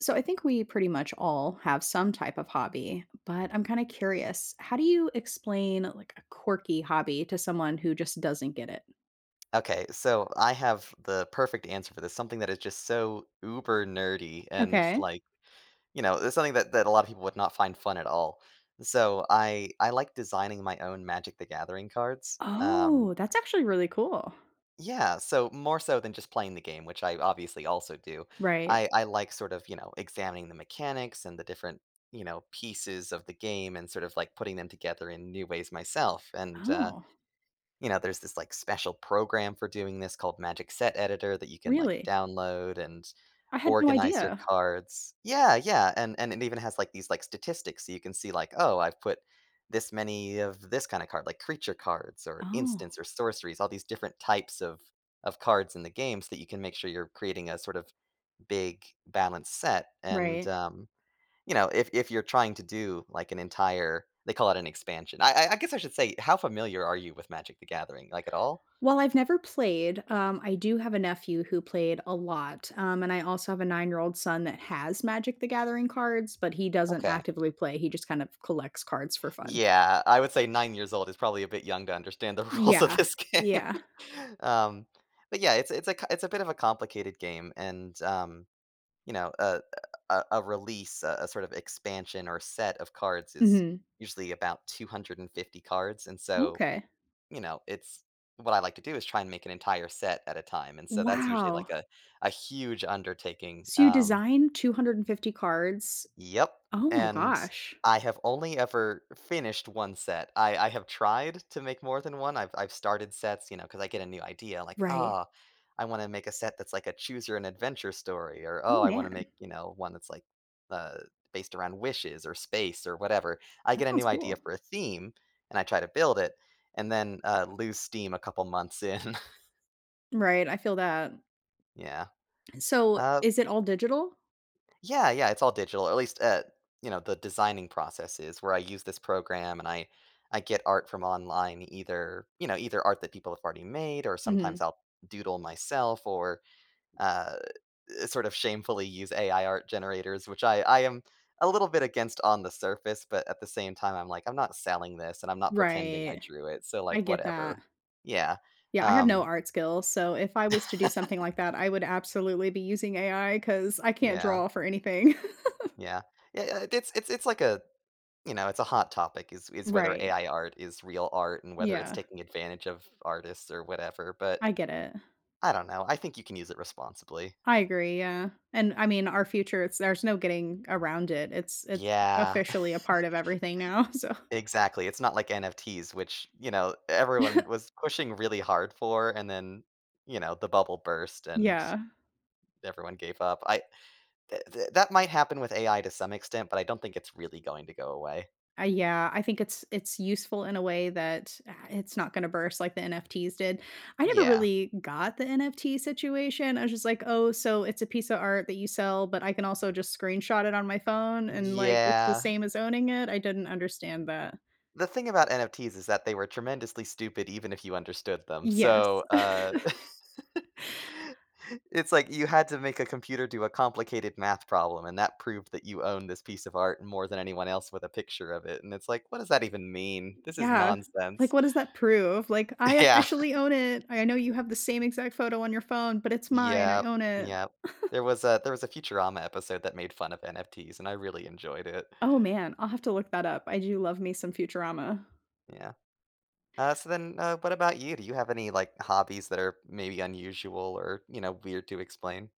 So I think we pretty much all have some type of hobby, but I'm kinda curious, how do you explain, like, a quirky hobby to someone who just doesn't get it? Okay, so I have the perfect answer for this, something that is just so uber nerdy and it's Okay. like, you know, it's something that that a lot of people would not find fun at all. So I I like designing my own Magic: The Gathering cards, um Oh, that's actually really cool. Yeah, so more so than just playing the game, which I obviously also do. Right. I I like sort of, you know, examining the mechanics and the different, you know, pieces of the game and sort of like putting them together in new ways myself, and, uh, Oh. you know, there's this, like, special program for doing this called Magic Set Editor that you can, like, Really? download and I had no organize your idea. cards Yeah, yeah and and it even has, like, these, like, statistics so you can see, like, "Oh, I've put this many of this kind of card," like, creature cards or Oh. instants or sorceries, all these different types of of cards in the game so that you can make sure you're creating a sort of big balanced set, and Right. um, you know, if if you're trying to do, like, an entire they call it an expansion. I I I guess I should say how familiar are you with Magic: The Gathering, like, at all? Well, I've never played, um, I do have a nephew who played a lot, um, and I also have a nine-year-old son that has Magic: The Gathering cards, but he doesn't Okay. actively play, he just kind of collects cards for fun. Yeah, I would say 9 years old is probably a bit young to understand the rules of Yeah. this game, Yeah. um, but yeah, it's it's a co it's a bit of a complicated game and, um, you know, a a a release, a a sort of expansion or set of cards is Mhm. usually about 250 cards, and so, Okay. you know, it's What I like to do is try and make an entire set at a time, and so that's usually Wow! like a a huge undertaking, So you um design 250 cards? Yep, Oh my and gosh. I have only ever finished 1 set. I I have tried to make more than 1, I I've started sets, you know, 'cause I get a new idea, like, Right. "Oh, I wanna make a set that's like a choose your own adventure story," or Oh, "Oh, I wanna man. make," you know, "one that's like, uh, based around wishes or space or whatever." I That get a sounds new cool. idea for a theme, and I try to build it and then, uh, lose steam a couple months in. Right, I feel that. Yeah. Eh, so, Uh is it all digital? Yeah, yeah, it's all digital. At least, uh, you know, the designing process is where I use this program and I I get art from online either, you know, either art that people have already made or sometimes Mhm. I'll doodle myself or, uh, eh, sort of shamefully use AI art generators, which I I am a little bit against on the surface, but at the same time, I'm like, I'm not selling this and I'm not pretending I Right. drew it. So, I like, get that. whatever. Yeah. Yeah, I have no Um art skills. So if I was to do something like that, I would absolutely be using AI 'cause I can't Yeah. draw for anything. Yeah. Ye uh, it's it's it's like a, you know, it's a hot topic, is is whether Right. AI art is real art and whether it's Yeah. taking advantage of artists or whatever. But, I get it. I don't know. I think you can use it responsibly. I agree, yeah. And I mean, our future, it's there's no getting around it. It's it's Yeah. officially a part of everything now, so Exactly. It's not like NFTs, which, you know, everyone was pushing really hard for, and then, you know, the bubble burst and Yeah. everyone gave up. I th th that might happen with AI to some extent, but I don't think it's really going to go away. I yeah, I think it's it's useful in a way that, ah, it's not gonna burst like the NFTs did. I never Yeah. really got the NFT situation. I was just like, "Oh, so it's a piece of art that you sell, but I can also just screenshot it on my phone and like, it's the Yeah. same as owning it." I didn't understand that. The thing about NFTs is that they were tremendously stupid even if you understood them. Yes. So, uh, it's like you had to make a computer do a complicated math problem, and that proved that you own this piece of art more than anyone else with a picture of it. And it's like, "What does that even mean? This is Yeah. Like, nonsense." what does that prove, like, "I Yeah. officially own it. I know you have the same exact photo on your phone, but it's mine. I Yep. own it." Yep. There was a there was a Futurama episode that made fun of NFTs, and I really enjoyed it. Oh, man. I'll have to look that up. I do love me some Futurama. Yeah. Uh, so then, uh, what about you? Do you have any, like, hobbies that are maybe unusual or, you know, weird to explain?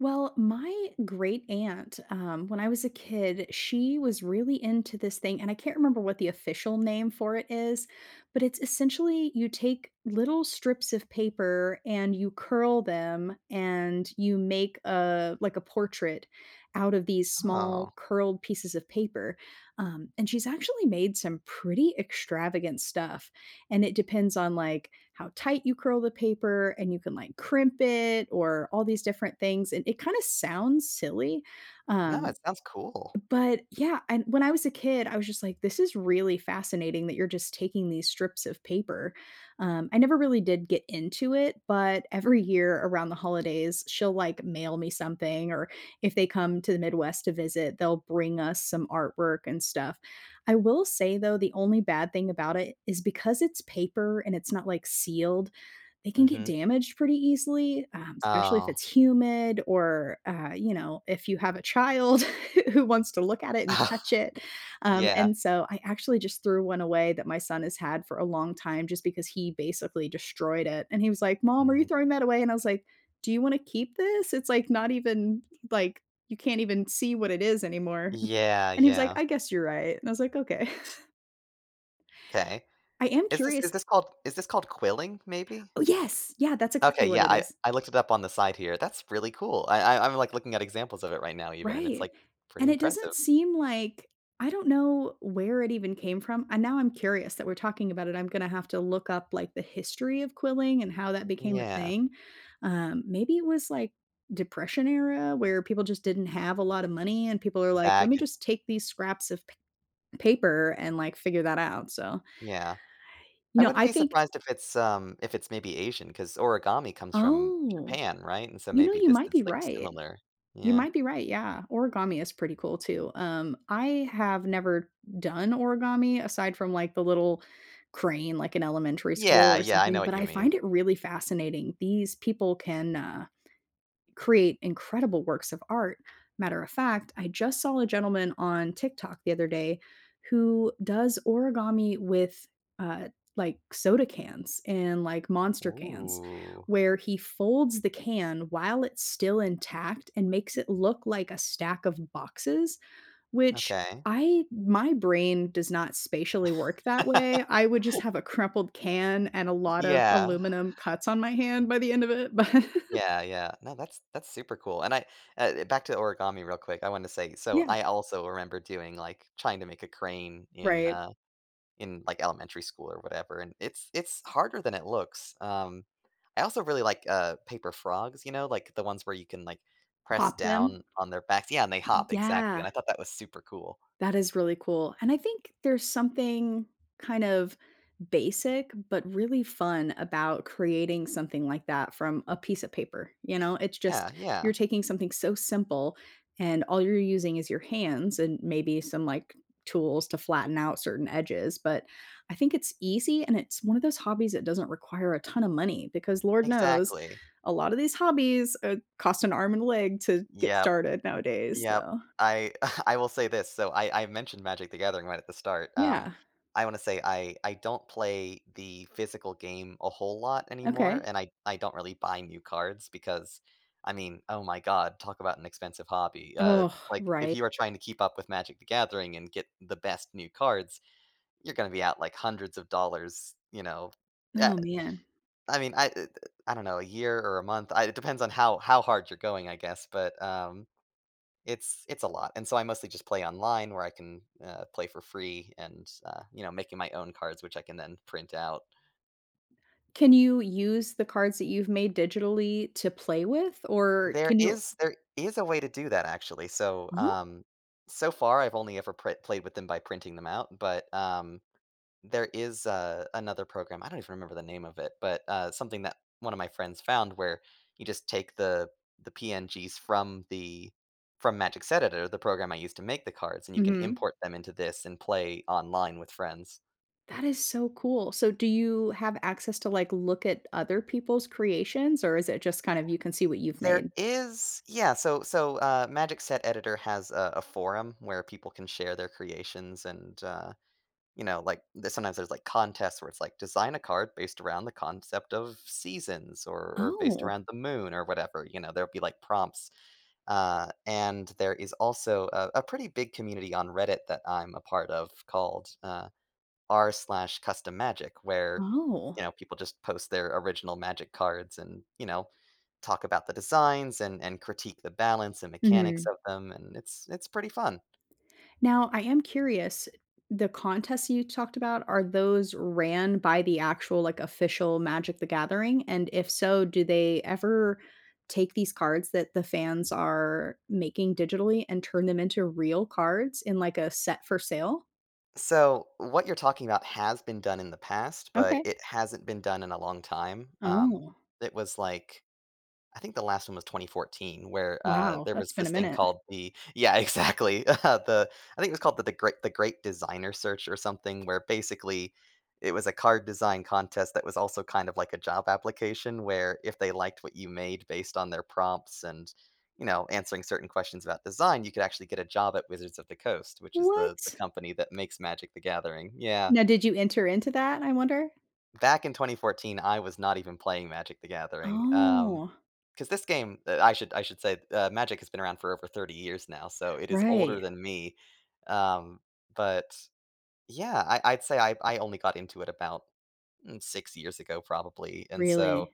Well, my great aunt, um, when I was a kid, she was really into this thing, and I can't remember what the official name for it is, but it's essentially you take little strips of paper, and you curl them, and you make, uh, like, a portrait out of these small, Oh. curled pieces of paper. Um, and she's actually made some pretty extravagant stuff, and it depends on, like, how tight you curl the paper, and you can, like, crimp it or all these different things, and it kinda sounds silly. Um, Nice, sounds cool. but yeah, and when I was a kid, I was just like, "This is really fascinating that you're just taking these strips of paper." Um, I never really did get into it, but every year around the holidays, she'll, like, mail me something or if they come to the Midwest to visit, they'll bring us some artwork and stuff. I will say though, the only bad thing about it is because it's paper and it's not, like, sealed, they can get Mhm. damaged pretty easily, um, especially if Oh. it's humid or, uh, you know, if you have a child who wants to look at it and touch it. Um, Yeah. and so I actually just threw one away that my son has had for a long time just because he basically destroyed it, and he was like, "Mom, are you Mhm. throwing that away?" and I was like, "Do you wanna keep this? It's, like, not even, like, you can't even see what it is anymore," Yeah, and he was like, yeah. "I guess you're right," and I was like, "Okay." 'Kay. I am Is this is curious this called is this called quilling maybe? Oh, yes! Yeah, that's Okay, exactly what yeah, it I is. I looked it up on the side here. That's really cool. I I I'm, like, looking at examples of it right now even, and it's, Right, like, pretty and it doesn't impressive. seem like I don't know where it even came from, and now I'm curious that we're talking about it, I'm gonna have to look up, like, the history of quilling, and how that became a Yeah. thing. Um, maybe it was, like, Depression era where people just didn't have a lotta money and people are like, "Let That me could just take these scraps of pa paper and, like, figure that out." So Yeah. you I know, wouldn't I be think surprised if it's, um, if it's maybe Asian 'cause origami comes from Oh. Japan, right, and so You know, maybe you this might be is, like, right. similar? You Yeah. might be right, yeah. Origami is pretty cool, too. Um, I have never done origami aside from, like, the little crane, like, in elementary school Yeah, or yeah, I know something, what but you I mean. find it really fascinating. These people can, uh, create incredible works of art. Matter of fact, I just saw a gentleman on TikTok the other day who does origami with, uh, like, soda cans and, like, Monster cans Ooh. where he folds the can while it's still intact and makes it look like a stack of boxes, which Okay. I my brain does not spatially work that way. I would just have a crumpled can and a lot of Yeah. aluminum cuts on my hand by the end of it but Yeah, yeah. No, that's that's super cool, and I, uh, back to origami real quick, I wanna say, so Yeah. I also remember doing, like trying to make a crane in, Right. uh, in, like, elementary school or whatever, and it's it's harder than it looks. Um, I also really like, uh, paper frogs, you know, like the ones where you can, like, press Pop them. down on their backs Yeah, and they hop, exactly, Yeah. and I thought that was super cool. That is really cool, and I think there's something, kind of, basic but really fun about creating something like that from a piece of paper, you know. It's Yeah, just, yeah. you're taking something so simple and all you're using is your hands and maybe some, like, tools to flatten out certain edges, but I think it's easy and it's one of those hobbies that doesn't require a ton of money because lord knows Exactly. a lotta these hobbies, uh, cost an arm and leg to get Yep. started nowadays Yep. so I I will say this. So I I mentioned Magic: The Gathering right at the start. Um, Yeah. I wanna say I I don't play the physical game a whole lot anymore, Okay. and I I don't really buy new cards because, I mean, oh my god, talk about an expensive hobby. Uh, Ugh, like, if right you are trying to keep up with Magic: The Gathering and get the best new cards, you're gonna be out, like, hundreds of dollars, you know, eh, Oh, man. I mean, I, eh, the I don't know, a year or a month. I it depends on how how hard you're going, I guess, but, um, it's it's a lot and so I mostly just play online where I can, uh, play for free and, uh, you know, making my own cards, which I can then print out. Can you use the cards that you've made digitally to play with, or There can you is there is a way to do that, actually, so, Oh um, so far, I've only ever prey played with them by printing them out, but, um, there is a another program- I don't even remember the name of it, but, uh, something that one of my friends found where, you just take the the PNGs from the from Magic's Editor, the program I used to make the cards, and you can Mhm. import them into this and play online with friends. That is so cool. So do you have access to, like, look at other people's creations, or is it just, kind of, you can see what you've There made? is yeah, so so, uh, Magic Set Editor has a a forum, where people can share their creations, and, uh, you know like, this one has those, like, contests where it's, like, "Design a card based around the concept of seasons," or or "based Oh. around the moon," or whatever, you know, there'll be like prompts, uh, and there is also a a pretty big community on Reddit that I'm a part of called, uh, r/custommagic, where, you Oh. know, people just post their original Magic cards, and, you know, talk about the designs, and and critique the balance and mechanics Mhm. of them, and it's it's pretty fun. Now, I am curious. The contests that you talked about, are those ran by the actual, like, official Magic: The Gathering? And if so, do they ever take these cards that the fans are making digitally and turn them into real cards in, like, a set for sale? So what you're talking about has been done in the past, but Okay. it hasn't been done in a long time, um, Oh. it was like, I think the last one was 2014, where, uh, Wow, there that's was been a this thing minute. called the yeah, exactly. Uh, the I think it was called The Gre The Great Designer Search or something where basically it was a card design contest that was also kind of like a job application where if they liked what you made based on their prompts and, you know, answering certain questions about design, you could actually get a job at Wizards of the Coast, which is the the What? company that makes Magic: The Gathering. Yeah. Now did you enter into that, I wonder? Back in 2014, I was not even playing Magic: The Gathering, um Oh. 'cause this game, uh, I should I should say, uh, Magic has been around for over 30 years now, so it is older Right. than me, um, but, yeah, I I'd say I I only got into it about, mm, 6 years ago probably, and so, Really?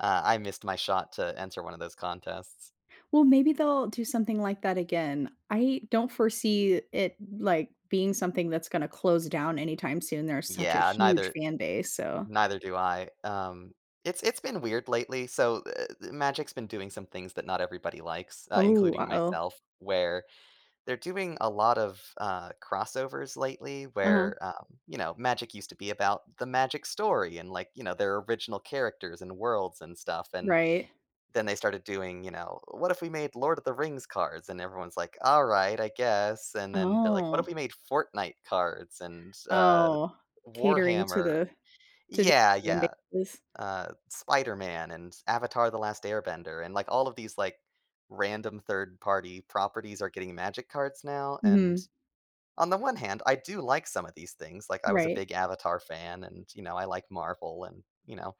uh, I missed my shot to enter one of those contests. Well, maybe they'll do something like that again. I don't foresee it, like, being something that's gonna close down anytime soon, there's such a Yeah, huge neither fan base, so neither do I. Um it's it's been weird lately. So, uh uh, Magic's been doing some things that not everybody likes, uh, Oh, including uh-oh. myself, where they're doing a lot of, uh, crossovers lately, Uh-huh. where, um, you know, Magic used to be about the Magic story and like, you know, their original characters and worlds and stuff, and, Right. then they started doing, you know, "What if we made Lord of the Rings cards?" and everyone's like, "Alright, I guess," and then they're like, "What if we Oh. made Fortnite cards? And, uh, Oh, catering to Warhammer?" the to Yeah, [unintelligible] fan yeah. bases? Uh, Spider-Man and Avatar: The Last Airbender, and like all of these, like, random third-party properties are getting Magic cards now, and Mhm. on the one hand, I do like some of these things. Like, I was a Right. big Avatar fan and, you know, I like Marvel and, you know,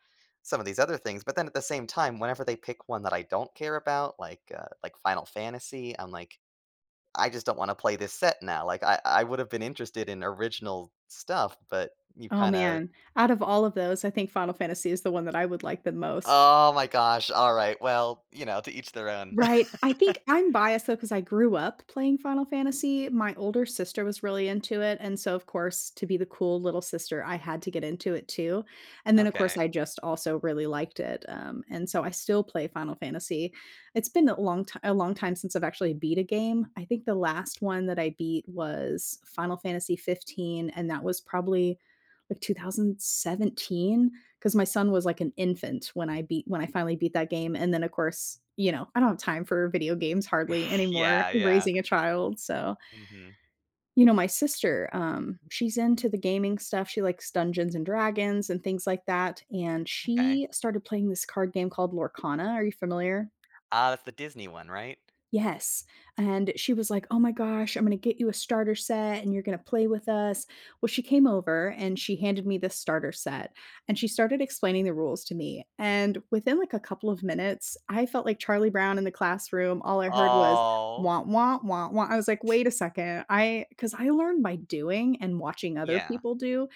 some of these other things, but then at the same time, whenever they pick one that I don't care about, like, uh, like, Final Fantasy, I'm like, "I just don't wanna play this set now." Like, I I would've been interested in original stuff, but you've Oh, kinda man, out of all of those, I think Final Fantasy is the one that I would like the most. Oh my gosh, alright, well, you know, to each their own. Right, I think I'm biased though 'cause I grew up playing Final Fantasy, my older sister was really into it, and so of course, to be the cool little sister, I had to get into it too. And then of course, Okay. I just also really liked it, um, and so I still play Final Fantasy. It's been a long ti a long time since I've actually beat a game, I think the last one that I beat was Final Fantasy XV, and that was probably like 2017, 'cause my son was like an infant when I beat when I finally beat that game. And then of course, you know, I don't have time for video games hardly anymore, Yeah, yeah. raising a child, so Mhm. You know, my sister, um, she's into the gaming stuff, she likes Dungeons& Dragons and things like that, and Okay. she started playing this card game called Lorcana, are you familiar? Ah, that's the Disney one, right? Yes, and she was like, "Oh my gosh, I'm gonna get you a starter set and you're gonna play with us." Well, she came over and she handed me this starter set, and she started explaining the rules to me, and within like a couple of minutes, I felt like Charlie Brown in the classroom, all I heard was, Oh. "Wah, wah, wah, wah." I was like, "Wait a second." I 'cause I learned by doing and watching other Yeah. people do.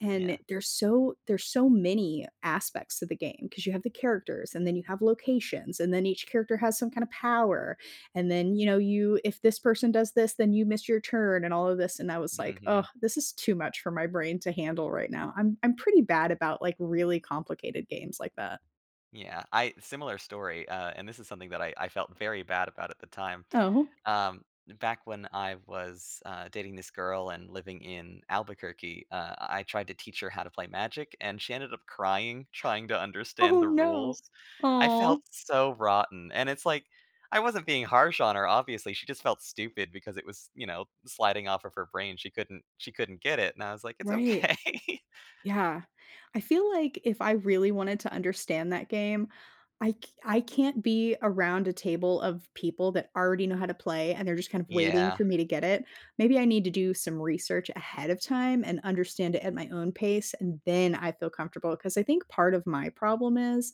And Yeah. there's so there's so many aspects of the game, 'cause you have the characters, and then you have locations, and then each character has some kind of power. And then, you know, you if this person does this, then you miss your turn and all of this. And I was like, "Oh, Mhm. this is too much for my brain to handle right now." I'm I'm pretty bad about, like, really complicated games like that. Yeah. I similar story, uh, and this is something that I I felt very bad about at the time. Oh. Um, back when I was, uh, dating this girl and living in Albuquerque, uh, I tried to teach her how to play Magic, and she ended up crying trying to understand Oh, the no. rules. I Aw. felt so rotten. And it's like, I wasn't being harsh on her, obviously. She just felt stupid because it was, you know, sliding off of her brain. She couldn't she couldn't get it, and I was like, it's Right. okay. Yeah. I feel like if I really wanted to understand that game, I c I can't be around a table of people that already know how to play and they're just kind of waiting Yeah. for me to get it. Maybe I need to do some research ahead of time and understand it at my own pace, and then I feel comfortable. 'Cause I think part of my problem is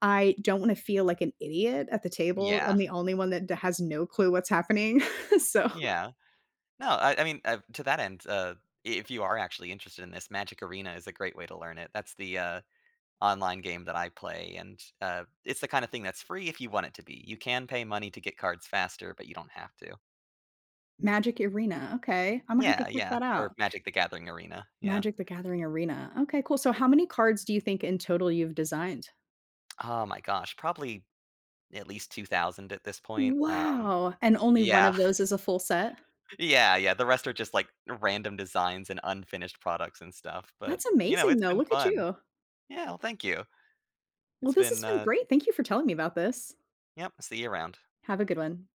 I don't wanna feel like an idiot at the table. I'm Yeah. the only one that d has no clue what's happening. So Yeah. No, I I mean, uh, to that end, uh, if you are actually interested in this, Magic Arena is a great way to learn it. That's the, uh, online game that I play, and, uh, it's the kind of thing that's free if you want it to be. You can pay money to get cards faster, but you don't have to. Magic Arena, okay. Imma have to Yeah, check yeah, that or out. Magic the Gathering Arena, yeah. Magic the Gathering Arena. Okay, cool. So, how many cards do you think in total you've designed? Oh my gosh. Probably at least 2,000 at this point. Um Wow! And only one yeah. of those is a full set? Yeah, yeah, the rest are just, like, random designs and unfinished products and stuff, but, That's you know, amazing, it's though. been Look at fun. you. Yeah, well, thank you. Well, It's this been, has been uh great. Thank you for telling me about this. Yep, see you around. Have a good one.